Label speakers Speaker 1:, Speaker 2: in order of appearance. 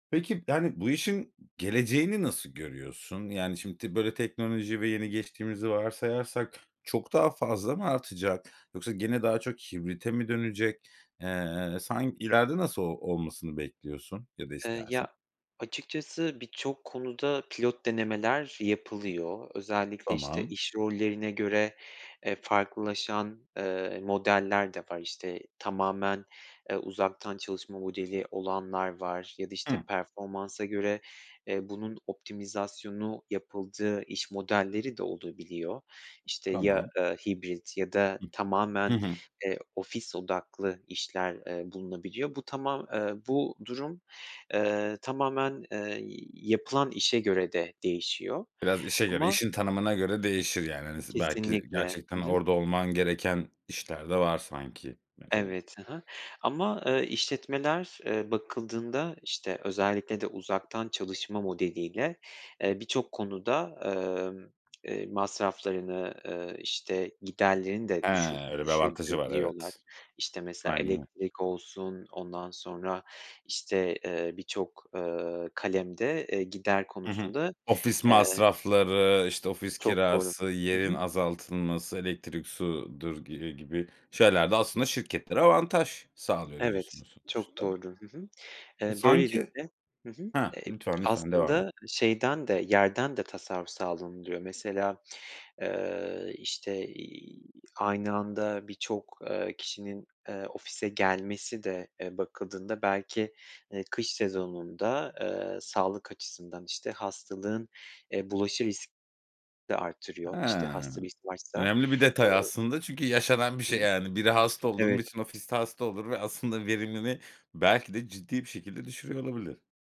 Speaker 1: Peki, yani bu işin geleceğini nasıl görüyorsun? Yani, şimdi, böyle teknoloji ve yeni geçtiğimizi varsayarsak, çok daha fazla mı artacak? Yoksa gene daha çok hibrite mi dönecek? Eee, san ileride nasıl o olmasını bekliyorsun ya da
Speaker 2: Eee, ya,
Speaker 1: istersin?
Speaker 2: açıkçası birçok konuda pilot denemeler yapılıyor. Özellikle, işte,
Speaker 1: Tamam.
Speaker 2: iş rollerine göre, e, farklılaşan, eee, modeller de var, işte, tamamen, eee, uzaktan çalışma modeli olanlar var ya da işte
Speaker 1: Hıı.
Speaker 2: performansa göre, eee, bunun optimizasyonu yapıldığı iş modelleri de olabiliyor. İşte, ya,
Speaker 1: Tamam.
Speaker 2: eee, hibrit ya da
Speaker 1: Hıh. Hı
Speaker 2: tamamen,
Speaker 1: hı.
Speaker 2: eee, ofis odaklı işler, eee, bulunabiliyor. Bu tamam bu durum, eee, tamamen, eee, yapılan işe göre de değişiyor
Speaker 1: Biraz işe göre,
Speaker 2: ama
Speaker 1: işin tanımına göre değişir yani. Hani s belki
Speaker 2: Kesinlikle.
Speaker 1: gerçekten
Speaker 2: Hı hı.
Speaker 1: orada olman gereken işler de var sanki acaba?
Speaker 2: Evet, hı hı, ama, eee, işletmeler, eee, bakıldığında, işte, özellikle de uzaktan çalışma modeliyle, eee, birçok konuda, emm, eee, masraflarını, eee, işte, giderlerini
Speaker 1: He,
Speaker 2: de düşür
Speaker 1: öyle bir avantajı var,
Speaker 2: düşürebiliyorlar,
Speaker 1: evet.
Speaker 2: işte, mesela
Speaker 1: Aynen o.
Speaker 2: elektrik olsun, ondan sonra, işte, eee, birçok, eee, kalemde, eee, gider
Speaker 1: Hı hı.
Speaker 2: konusunda,
Speaker 1: Ofis
Speaker 2: eee
Speaker 1: masrafları, işte ofis
Speaker 2: Çok doğru.
Speaker 1: kirası,
Speaker 2: Hı
Speaker 1: yerin
Speaker 2: hı.
Speaker 1: azaltılması, elektrik sudur gi eee, gibi şeyler de, aslında şirketlere avantaj sağlıyor,
Speaker 2: Evet,
Speaker 1: diyorsunuz
Speaker 2: çok
Speaker 1: sonuçta.
Speaker 2: doğru. Hı hı.
Speaker 1: E,
Speaker 2: Eee,
Speaker 1: sanki
Speaker 2: böylelikle, hı hı,
Speaker 1: Hah,
Speaker 2: eee,
Speaker 1: lütfen, lütfen devam et.
Speaker 2: aslında şeyden de, yerden de tasarruf sağlanılıyor mesela. Eee, işte, iii, aynı anda birçok, eee, kişinin, eee, ofise gelmesi de, eee, bakıldığında belki, eee, kış sezonunda, eee, sağlık açısından, işte, hastalığın, eee, bulaşı risk de
Speaker 1: He.
Speaker 2: artırıyor, işte, hasta risk varsa.
Speaker 1: Önemli bir detay
Speaker 2: Eee
Speaker 1: aslında çünkü yaşanan bir
Speaker 2: Hı hı.
Speaker 1: şey yani. Biri hasta oldu mu
Speaker 2: Evet.
Speaker 1: bütün ofis de hasta olur ve aslında verimini belki de ciddi bir şekilde düşürüyor olabilir.